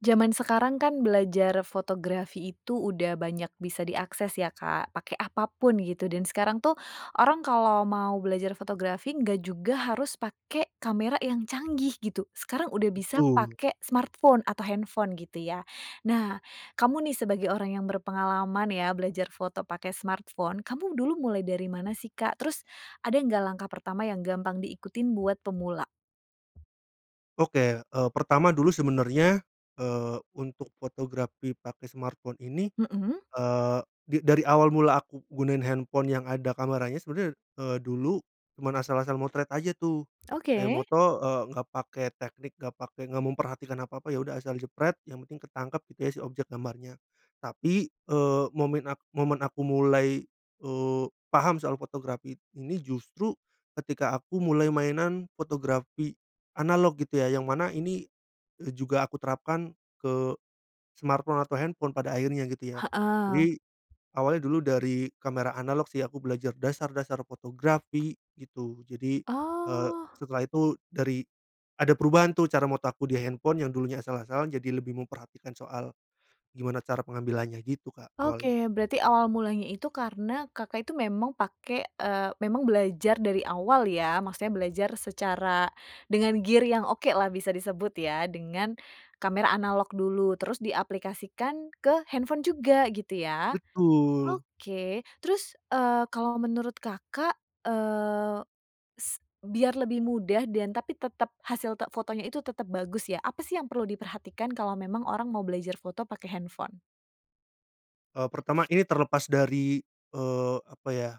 Zaman sekarang kan belajar fotografi itu udah banyak bisa diakses ya, Kak, pake apapun gitu. Dan sekarang tuh, orang kalau mau belajar fotografi nggak juga harus pake kamera yang canggih gitu. Sekarang udah bisa Betul. pake smartphone atau handphone gitu ya. Nah, kamu nih sebagai orang yang berpengalaman ya, belajar foto pake smartphone, kamu dulu mulai dari mana sih, Kak? Terus, ada nggak langkah pertama yang gampang diikutin buat pemula? Oke, eee, pertama dulu sebenarnya, eee, untuk fotografi pake smartphone ini, Mhm. eee, di dari awal mula aku gunain handphone yang ada kameranya, sebener, eee, dulu cuman asal-asal motret aja tuh. Kayak Oke. moto, eee, nggak pake teknik, nggak pake nggak memperhatikan apa-apa, ya udah asal jepret yang penting ketangkep gitu ya si objek gambarnya. Tapi, eee, momen a momen aku mulai, eee, paham soal fotografi ini justru ketika aku mulai mainan fotografi analog gitu ya, yang mana ini, eee, juga aku terapkan ke, smartphone atau handphone pada akhirnya gitu ya. Heeh. Jadi, awalnya dulu dari kamera analog sih, aku belajar dasar-dasar fotografi, gitu. Jadi, eee, Oh. setelah itu dari ada perubahan tuh cara foto aku di handphone yang dulunya asal-asalan jadi lebih memperhatikan soal, gimana cara pengambilannya gitu, Kak, awalnya. Oke, berarti awal mulanya itu karena Kakak itu memang pake, eee memang belajar dari awal ya, maksudnya belajar secara dengan gear yang oke lah bisa disebut ya, dengan kamera analog dulu terus diaplikasikan ke handphone juga gitu ya? Betul. Oke. Terus, eee, kalau menurut Kakak, eee, s biar lebih mudah dan tapi tetep hasil te fotonya itu tetap bagus ya. Apa sih yang perlu diperhatikan kalau memang orang mau belajar foto pake handphone? E pertama ini terlepas dari, eee, apa ya,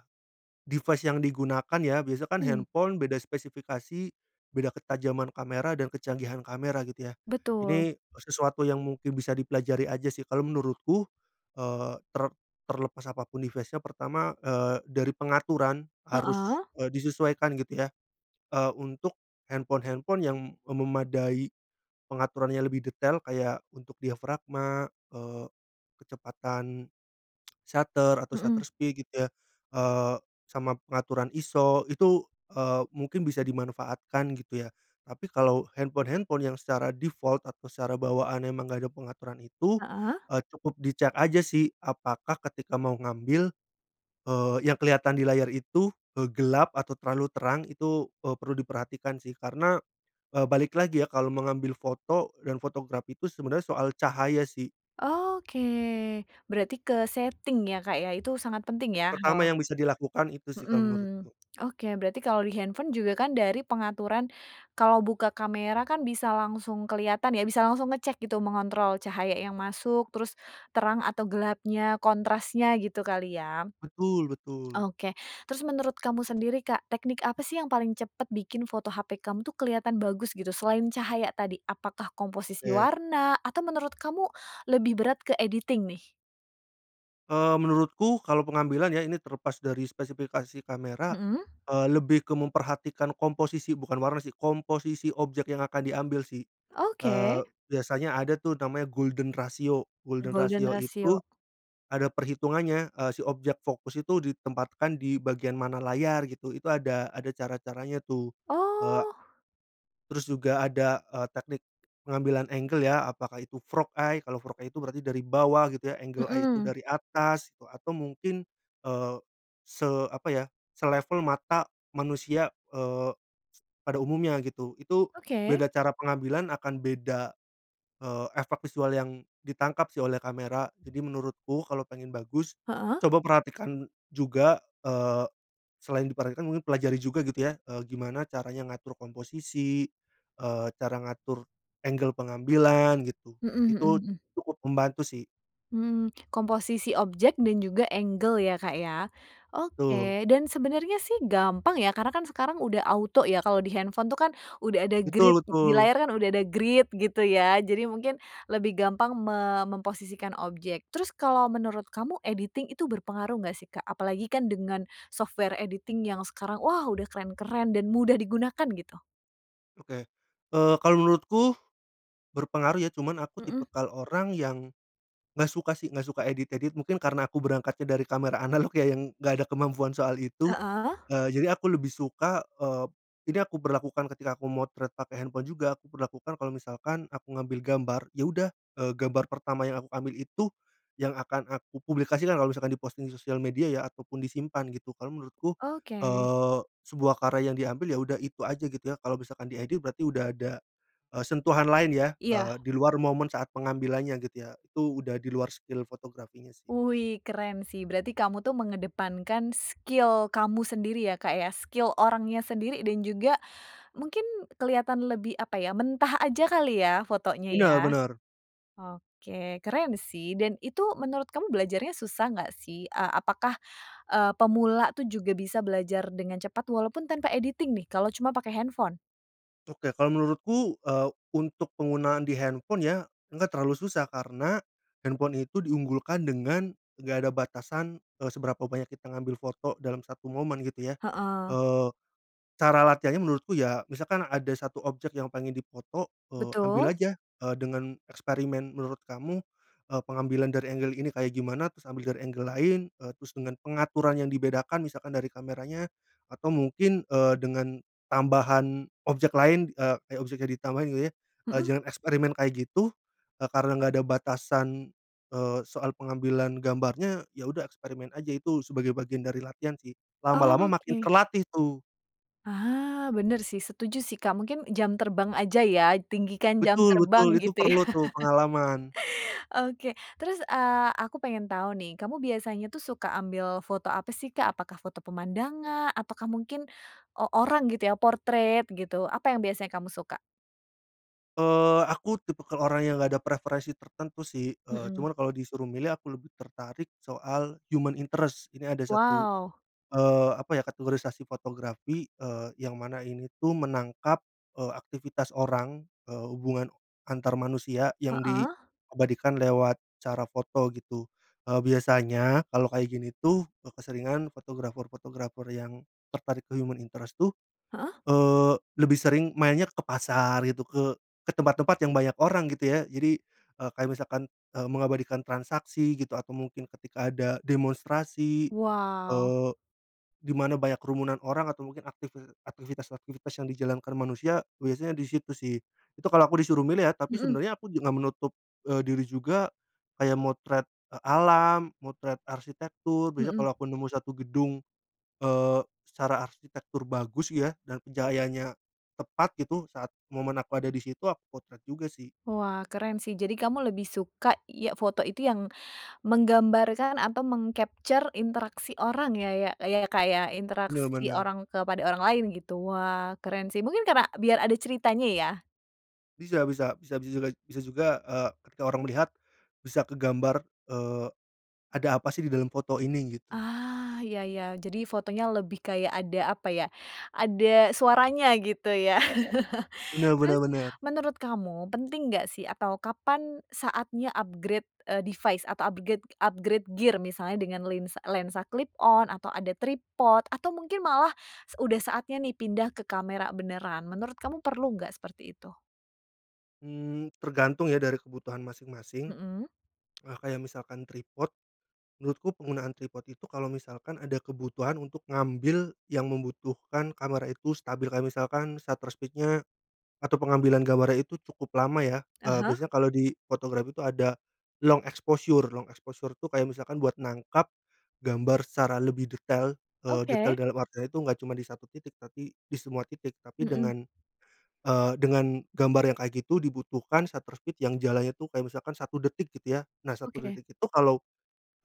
device yang digunakan ya, biasa kan Mhm. handphone beda spesifikasi beda ketajaman kamera dan kecanggihan kamera, gitu ya. Betul. Ini sesuatu yang mungkin bisa dipelajari aja sih kalau menurutku, eee, ter terlepas apapun device-nya, pertama, eee, dari pengaturan harus, Heeh. eee, disesuaikan gitu ya, eee, untuk handphone-handphone yang memadai pengaturannya lebih detail, kayak untuk diafragma, eee, kecepatan shutter atau shutter Mhm. speed gitu ya, eee, sama pengaturan ISO, itu, eee, mungkin bisa dimanfaatkan gitu ya. Tapi kalau handphone-handphone yang secara default atau secara bawaannya emang enggak ada pengaturan itu, Heeh. eee, cukup di cek aja sih apakah ketika mau ngambil, eee, yang kelihatan di layar itu, eee, gelap atau terlalu terang, itu, eee, perlu diperhatikan sih karena, eee, balik lagi ya kalau mengambil foto dan photograph itu sebenarnya soal cahaya sih. Oke, berarti ke setting ya Kak ya, itu sangat penting ya? Pertama Heeh. yang bisa dilakukan itu sih Mhm, kalau menurutku. oke berarti kalau di handphone juga kan dari pengaturan, kalau buka kamera kan bisa langsung kelihatan ya, bisa langsung ngecek gitu mengontrol cahaya yang masuk, terus terang atau gelapnya, kontrasnya, gitu kali ya? Betul betul. Oke, terus menurut kamu sendiri Kak, teknik apa sih yang paling cepat bikin foto HP kamu tuh kelihatan bagus, gitu? Selain cahaya tadi, apakah komposisi Oke. warna atau menurut kamu lebih berat ke editing nih? Eee, menurutku kalau pengambilan ya ini terlepas dari spesifikasi kamera, Mhm. eee, lebih ke memperhatikan komposisi bukan warna sih, komposisi objek yang akan diambil sih, eee, Oke. biasanya ada tuh namanya golden ratio golden Golden ratio itu, ratio. ada perhitungannya, eee, si objek fokus itu ditempatkan di bagian mana layar gitu, itu ada ada cara-caranya tuh, eee Oh. terus juga ada, eee, teknik pengambilan angle ya apakah itu frog eye? Kalau frog eye, itu berarti dari bawah gitu ya, angle eye itu Mhm. dari atas gitu, atau mungkin, eee, se apa ya, selevel mata manusia, eee, pada umumnya, gitu. Itu Oke. beda cara pengambilan akan beda, eee, efek visual yang ditangkap sih oleh kamera, jadi menurutku kalau pengen bagus Heeh. coba perhatikan juga eee, selain diperhatikan mungkin pelajari juga gitu ya, eee, gimana caranya ngatur komposisi, eee, cara ngatur angle pengambilan gitu, Mhm mhm itu mhm. cukup membantu sih. Mmm, komposisi objek dan juga angle ya, Kak, ya, Betul. oke dan sebenarnya sih gampang ya karena kan sekarang udah auto ya kalau di handphone tuh kan udah ada grid, Betul e di betul. layar kan udah ada grid gitu ya, jadi mungkin lebih gampang me memposisikan objek. Terus kalau menurut kamu, editing itu berpengaruh nggak sih Kak? Apalagi kan dengan software editing yang sekarang, wah udah keren-keren dan mudah digunakan gitu. Oke, eee, kalau menurutku, berpengaruh ya cuman aku Mhm. tipikal orang yang nggak suka sih nggak suka edit-edit, mungkin karena aku berangkatnya dari kamera analog ya yang nggak ada kemampuan soal itu, Heeh. eee, jadi aku lebih suka, eee, ini aku berlakukan ketika aku memotret pakai handphone juga, aku berlakukan kalau misalkan aku ngambil gambar, ya udah, eee, gambar pertama yang aku ambil itu yang akan aku publikasikan kalau misalkan di-posting di sosial media ya ataupun disimpan gitu, karena menurutku, Oke. eee, sebuah karya yang diambil ya udah itu aja gitu ya, kalau misalkan diedit berarti udah ada, eee, sentuhan lain ya, Iya. eee, di luar momen saat pengambilannya gitu ya, itu udah di luar skill fotografinya sih. Wuih keren sih, berarti kamu tuh mengedepankan skill kamu sendiri ya, Kak, ya, skill orangnya sendiri dan juga mungkin kelihatan lebih, apa ya, mentah aja kali ya fotonya ya? Benar benar. Oke, keren sih dan itu menurut kamu belajarnya susah nggak sih? E apakah, eee, pemula tuh juga bisa belajar dengan cepat walaupun tanpa editing nih, kalau cuma pakai handphone? Oke. Kalo menurutku, eee, untuk penggunaan di handphone ya, enggak terlalu susah karena, handphone itu diunggulkan dengan nggak ada batasan, eee, seberapa banyak kita ngambil foto dalam satu momen, gitu ya. Heeh. Eee, cara latihannya menurutku ya, misalkan ada 1 objek yang pengen difoto, eee, ambil Betul. aja, eee, dengan eksperimen. Menurut kamu, eee, pengambilan dari angle ini kayak gimana? Terus ambil dari angle lain. Eee, terus dengan pengaturan yang dibedakan, misalkan dari kameranya atau mungkin, eee, dengan tambahan objek lain, eee, kayak objeknya ditambahin gitu ya. Eee, Mhm. jangan eksperimen kayak gitu, karena nggak ada batasan, eee ,soal pengambilan gambarnya, ya udah eksperimen aja. Itu sebagai bagian dari latihan sih, lama-lama makin Oke. terlatih tuh. Ah, benar sih, setuju sih, Kak. Mungkin jam terbang aja ya, tinggikan jam Betul terbang, betul. Itu gitu ya? perlu tuh pengalaman. Oke, terus, eee, aku pengen tau nih, kamu biasanya tuh suka ambil foto apa sih, Kak? Apakah foto pemandangan? Atau kah mungkin o orang gitu ya? Portrait gitu? Apa yang biasanya kamu suka? Eee, aku tipikal orang yang nggak ada preferensi tertentu sih. Eee, Mhm. cuman kalau disuruh milih aku lebih tertarik soal human interest. Ini ada 1, Wow! eee, apa ya? Kategorisasi fotografi, eee, yang mana ini tuh, menangkap, eee, aktivitas orang, eee, hubungan antar manusia yang di Heeh? abadikan lewat cara foto gitu. Eee, biasanya, kalau kayak gini tuh, keseringan fotografer-fotografer yang tertarik ke human interest tuh, Heeh. eee, lebih sering mainnya ke pasar gitu, ke ke tempat-tempat yang banyak orang gitu ya. Jadi, eee, kayak misalkan, eee, mengabadikan transaksi gitu atau mungkin ketika ada demonstrasi, Wow! eee, di mana banyak kerumunan orang atau mungkin aktivi aktivitas-aktivitas yang dijalankan manusia, biasanya di situ sih. Itu kalo aku disuruh milih ya, tapi Mhm. sebenarnya aku juga nggak menutup, eee, diri juga, kayak motret, eee, alam, motret arsitektur biasanya Mhm. kalau aku nemu 1 gedung, eee, secara arsitektur bagus ya, dan pencahayaannya tepat gitu, saat momen aku ada di situ, aku potret juga sih. Wah, keren sih. Jadi kamu lebih suka ya foto itu yang menggambarkan atau meng-capture interaksi orang ya, ya, ya Kak, ya? Benar Interaksi benar. orang kepada orang lain gitu. Wah, keren sih, mungkin karena biar ada ceritanya ya? Bisa bisa. Bisa bisa bisa juga, eee, ketika orang melihat, bisa ke gambar, eee, ada apa sih, di dalam foto ini? Gitu. Ah, iya iya. Jadi fotonya lebih kayak ada, apa ya? Ada suaranya gitu ya? Benar benar Terus benar. menurut kamu, penting nggak sih? Atau kapan saatnya upgrade, eee, device atau upgrade, upgrade gear? Misalnya dengan lens lensa clip on atau ada tripod atau mungkin malah, udah saatnya nih pindah ke kamera beneran? Menurut kamu, perlu nggak seperti itu? Mmm, tergantung ya dari kebutuhan masing-masing. Mhm? Eee, kayak misalkan tripod, menurutku penggunaan tripod itu kalau misalkan ada kebutuhan untuk ngambil yang membutuhkan kamera itu stabil. Kayak misalkan shutter speed-nya atau pengambilan gambarnya itu cukup lama ya, Ah eee, hah? biasanya kalau di fotografi itu ada long exposure. Long exposure tuh kayak misalkan buat nangkep gambar secara lebih detail, eee, detail Oke. dalam artian itu enggak cuma di 1 titik tapi di semua titik, tapi Mhm. dengan, eee, dengan gambar yang kayak gitu dibutuhkan shutter speed yang jalannya itu kayak misalkan 1 detik, gitu ya. Nah, 1 Oke. detik itu kalau,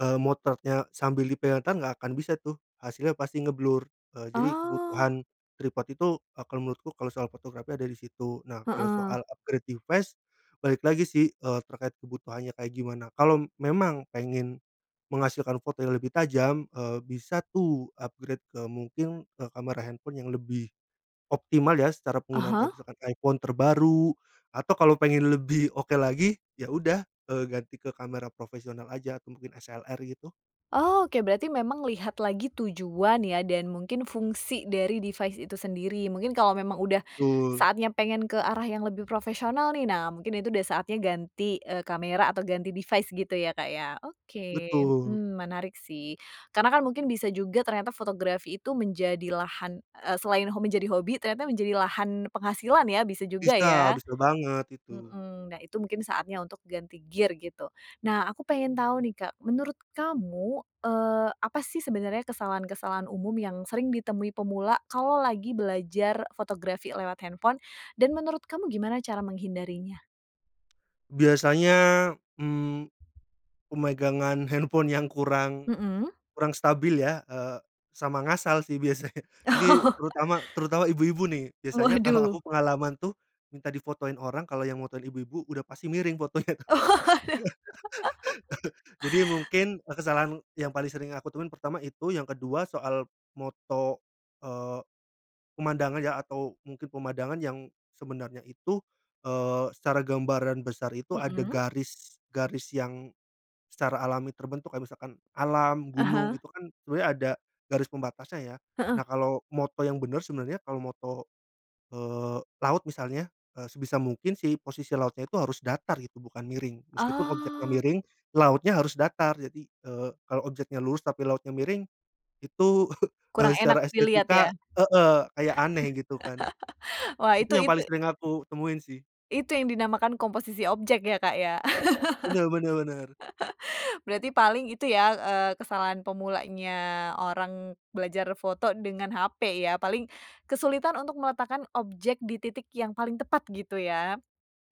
eee, motretnya sambil di pegang tangan, nggak akan bisa tuh, hasilnya pasti ngeblur. Eee, jadi Oh. kebutuhan tripod itu akan menurutku kalau soal fotografi ada di situ. Nah, kalau Heeh. soal upgrade device, balik lagi sih, eee, terkait kebutuhannya kayak gimana? Kalau memang pengen menghasilkan foto yang lebih tajam, eee, bisa tuh upgrade ke mungkin, eee, kamera handphone yang lebih optimal ya secara Ah, penggunaan. Kaya hah? misalkan iPhone terbaru, atau kalau pengen lebih oke lagi? Ya udah, eee, ganti ke kamera profesional aja atau mungkin SLR gitu. Oh oke. Berarti memang lihat lagi tujuan ya dan mungkin fungsi dari device itu sendiri. Mungkin kalau memang udah Betul. saatnya pengen ke arah yang lebih profesional nih, nah mungkin itu udah saatnya ganti, eee, kamera atau ganti device gitu ya, Kak, ya? Oke, Betul. mmm, menarik sih karena kan mungkin bisa juga ternyata fotografi itu menjadi lahan, eee, selain hom menjadi hobi, ternyata menjadi lahan penghasilan ya bisa juga Bisa. ya? Bisa banget itu. Heeh. Nah, itu mungkin saatnya untuk ganti gear gitu. Nah, aku pengen tahu nih, Kak. Menurut kamu, eee, apa sih sebenarnya kesalahan-kesalahan umum yang sering ditemui pemula, kalau lagi belajar fotografi lewat handphone? Dan menurut kamu, gimana cara menghindarinya? Biasanya, mmm, pemegangan handphone yang kurang, Mhm? kurang stabil ya, eee, sama ngasal sih biasanya. Jadi terutama, terutama ibu-ibu nih, biasanya kalo Waduh! aku pengalaman tuh, minta difotoin orang, kalau yang motoin ibu-ibu udah pasti miring fotonya. Jadi mungkin kesalahan yang paling sering aku temuin, pertama itu. Yang kedua soal foto, eee, pemandangan ya, atau mungkin pemandangan yang sebenarnya itu, eee, secara gambaran besar itu ada Mhm? garis, garis yang secara alami terbentuk. Kayak misalkan alam, gunung, Aha? itu kan sebenarnya ada garis pembatasnya ya. Heeh. Nah, kalau foto yang benar sebenarnya, kalau foto, eee, laut misalnya, eee, sebisa mungkin sih, posisi lautnya itu harus datar gitu, bukan miring. Meskipun objeknya Oh. miring, lautnya harus datar. Jadi, eee, kalau objeknya lurus tapi lautnya miring, itu, eee, Kurang enak secara dilihat ya? estetika heeh. Kayak aneh gitu kan. Wah Itu itu yang itu paling sering aku temuin sih. itu yang dinamakan komposisi objek ya, Kak, ya? Benar benar benar. Berarti paling itu ya, eee, kesalahan pemulanya orang belajar foto dengan HP ya. Paling kesulitan untuk meletakkan objek di titik yang paling tepat, gitu ya.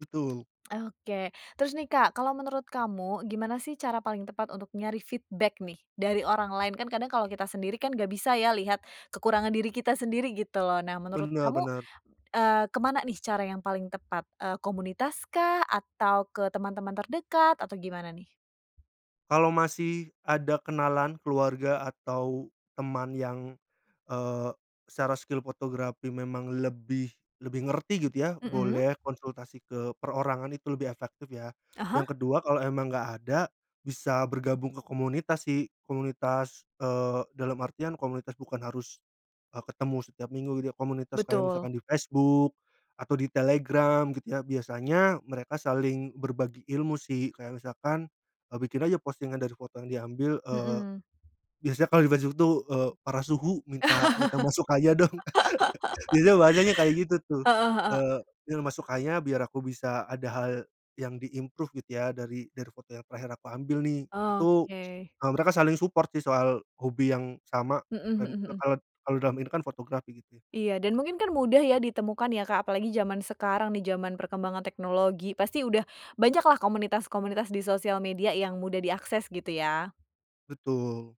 Betul. Oke, terus nih, Kak, kalau menurut kamu, gimana sih, cara paling tepat untuk nyari feedback nih dari orang lain? Kan kadang kalau kita sendiri kan, nggak bisa ya lihat kekurangan diri kita sendiri gitu loh. Nah, menurut Benar kamu, benar. eee, ke mana nih cara yang paling tepat? Eee, komunitas kah? Atau ke teman-teman terdekat? Atau gimana nih? Kalo masih ada kenalan, keluarga, atau teman yang, eee, secara skill fotografi memang lebih, lebih ngerti gitu ya, Mhm? boleh konsultasi ke perorangan itu lebih efektif ya. Ah, hah? Yang kedua, kalo emang nggak ada, bisa bergabung ke komunitas sih. Komunitas, eee, dalam artian, komunitas bukan harus, eee, ketemu setiap minggu gitu ya, komunitas kayak Betul. misalkan di Facebook atau di Telegram, gitu ya. Biasanya mereka saling berbagi ilmu sih. Kayak misalkan, eee, bikin aja postingan dari foto yang diambil, eee, Mhm. biasanya kalau di Facebook tuh, eee, "Para suhu, minta minta masukkannya dong," biasanya bahasanya kayak gitu tuh. Heeh heeh. Eee, iya masukkannya biar aku bisa, ada hal yang di-improve gitu ya, dari, dari foto yang terakhir aku ambil nih. Itu, Oke. eee, mereka saling support sih soal hobi yang sama, Mhm kayak mhm misalkan mhm. kal kalau dalam ini kan fotografi gitu ya. Iya, dan mungkin kan mudah ya ditemukan ya, Kak, apalagi zaman sekarang, di zaman perkembangan teknologi. Pasti udah banyaklah komunitas-komunitas di sosial media yang mudah diakses gitu ya? Betul.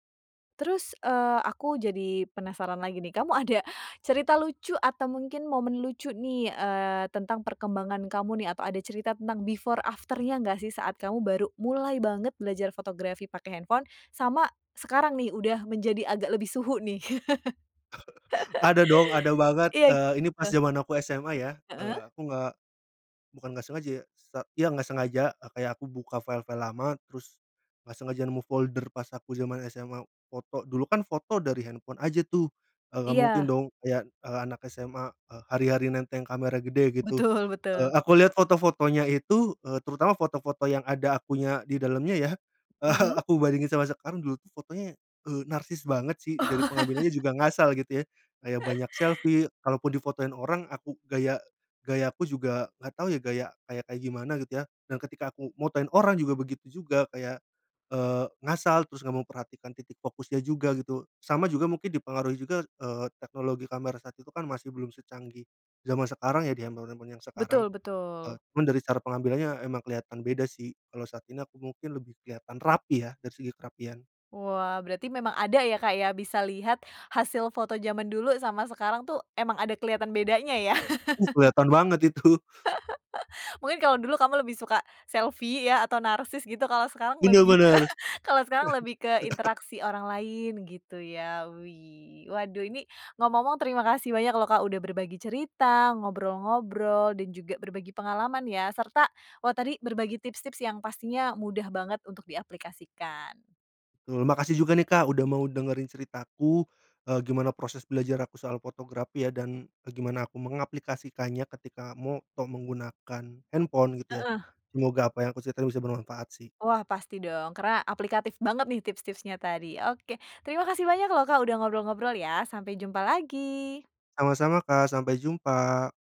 Terus, eee, aku jadi penasaran lagi nih, kamu ada cerita lucu atau mungkin momen lucu nih, eee, tentang perkembangan kamu nih? Atau ada cerita tentang before after-nya enggak sih saat kamu baru mulai banget belajar fotografi pakai handphone, sama sekarang nih udah menjadi agak lebih suhu nih? Ada dong, ada banget, Iya, eee, ini pas gitu. zaman aku SMA ya, Heeh. eee, aku nggak bukan nggak sengaja ya, sa iya, nggak sengaja, e kayak aku buka file-file lama terus nggak sengaja nemu folder pas aku zaman SMA foto, dulu kan foto dari handphone aja tuh, e nggak mungkin Iya. dong ya, e anak SMA, e hari-hari nenteng kamera gede gitu, Betul e betul. aku lihat foto-fotonya itu, eee, terutama foto-foto yang ada akunya di dalamnya ya, Mhm. aku bandingin sama sekarang, dulu tuh fotonya, eee, narsis banget sih dari pengambilannya juga ngasal gitu ya. Kayak banyak selfie, kalaupun difotoin orang, aku gaya gayaku juga nggak tahu ya gaya kayak gimana gitu ya, dan ketika aku motoin orang juga begitu juga kayak, eee, ngasal terus nggak memperhatikan titik fokusnya juga, gitu. Sama juga mungkin dipengaruhi juga, eee, teknologi kamera saat itu kan masih belum secanggih zaman sekarang ya, di handphone-handphone yang sekarang, Betul e betul. cuman dari cara pengambilannya emang kelihatan beda sih, kalau saat ini aku mungkin lebih kelihatan rapi ya, dari segi kerapian. Wah, berarti memang ada ya Kak ya, bisa lihat hasil foto zaman dulu sama sekarang tuh emang ada kelihatan bedanya ya. Uh, kelihatan banget itu. Mungkin kalau dulu kamu lebih suka selfie ya atau narsis gitu, kalau sekarang Bener lebih ke bener. kalau sekarang lebih ke interaksi orang lain gitu ya, wih. Waduh ini, ngomong-ngomong terima kasih banyak loh Kak, udah berbagi cerita, ngobrol-ngobrol, dan juga berbagi pengalaman ya, serta wah tadi berbagi tips-tips yang pastinya mudah banget untuk diaplikasikan. Betul, makasih juga nih Kak, udah mau dengerin ceritaku, e gimana proses belajar aku soal fotografi ya dan, e gimana aku mengaplikasikannya ketika moto menggunakan handphone gitu ya, Heeh. semoga apa yang aku ceritain bisa bermanfaat sih. Wah pasti dong, karena aplikatif banget nih tips-tipsnya tadi. Oke, terima kasih banyak loh Kak, udah ngobrol-ngobrol ya, sampai jumpa lagi. Sama-sama Kak, sampai jumpa.